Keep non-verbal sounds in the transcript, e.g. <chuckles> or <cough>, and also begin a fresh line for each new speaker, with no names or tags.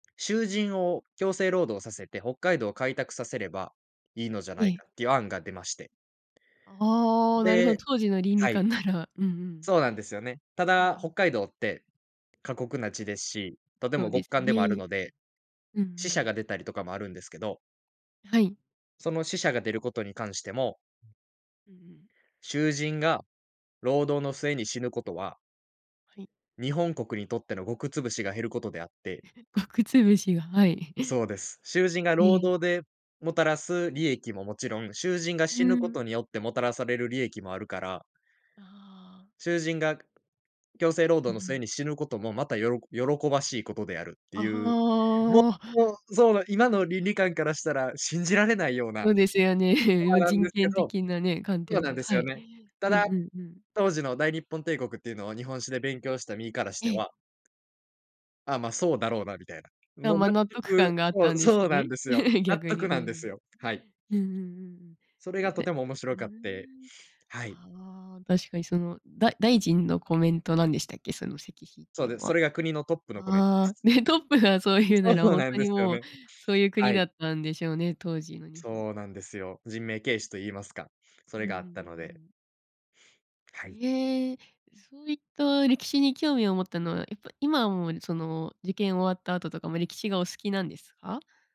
囚人を強制労働させて、北海道を開拓させれば、いいのじゃ
え
ない
え。
かっていう案が出まして
ああ、なるほど。
で
当時の倫理
はい。
観なら。うんうん。
そうなんですよね。た
え、う
だ北
ん。
海道って過酷な地ですし、とて
そう
も
で
極
す
寒でもある
ね。
ので、
うんう
死者
ん。
が出たりとかもあるんですけど
はい。
その死者が出ることに関しても
うんうん。
囚人が労働の末に死ぬことは
はい。
日本国にとっての穀潰しが減ることであって
<chuckles> 穀潰しが、はい。<chuckles>
そうです。囚人が
え
労
え。
働でもたらす利益ももちろん、囚人が
う
死ぬこ
ん。
とによってもたらされる利益もあるから
ああ。
囚人がくく強制労
う
働
んう
の末
ん。
に死ぬこともまたよろこ喜ばしいことであるって
あ、
いう、も
はあ。
う、そうの、今の倫理観からしたら、信じられないようない
そうですよね。
そ
も
う
う、
なん
人
ですけ
権
ど、
的なね、観
そう
点
なん
で
です
は
よ
い。
ね。た
うんう
だ、
んうん。
当時の大日本帝国っていうのは、日本史で勉強した身からし
え
て
え。
はああ、ま、そうだろうなみたいな。
あ、
もう、
ま、
納
納得
得
感があっ
そう、
たんです
そうなん
ね。
ですよ。
<chuckles>
納
逆
得
に、う
なんです
ん。
よ、はい。
うんうん
そ
うんうん。
れ
へへ、
が
あ、
とても
で
面
う
白
ー
かって、
ん。
はい。
ああ、確かにその、だ大臣のコメントなんでしたっけ？その石碑って
そう
いう
で、
の
そ
は。
れが国のトップのコメントで
ああ、
す。
ね、トップがそう言うな
そう
ら
そう
ほん
なん
と
で
に
すよ
もう、
ね。
そういう国
は
だ
い。
ったんでしょうね、当時の日本。
そうなんですよ。人命軽視と言いますか、そ
うんう
れ
んうん
があ
う
ったので。
んうん。
はい。
いええ。え、そういった歴史に興味を持ったのは、やっぱ今もその、受験終わった後とかも歴史がお好きなんですか？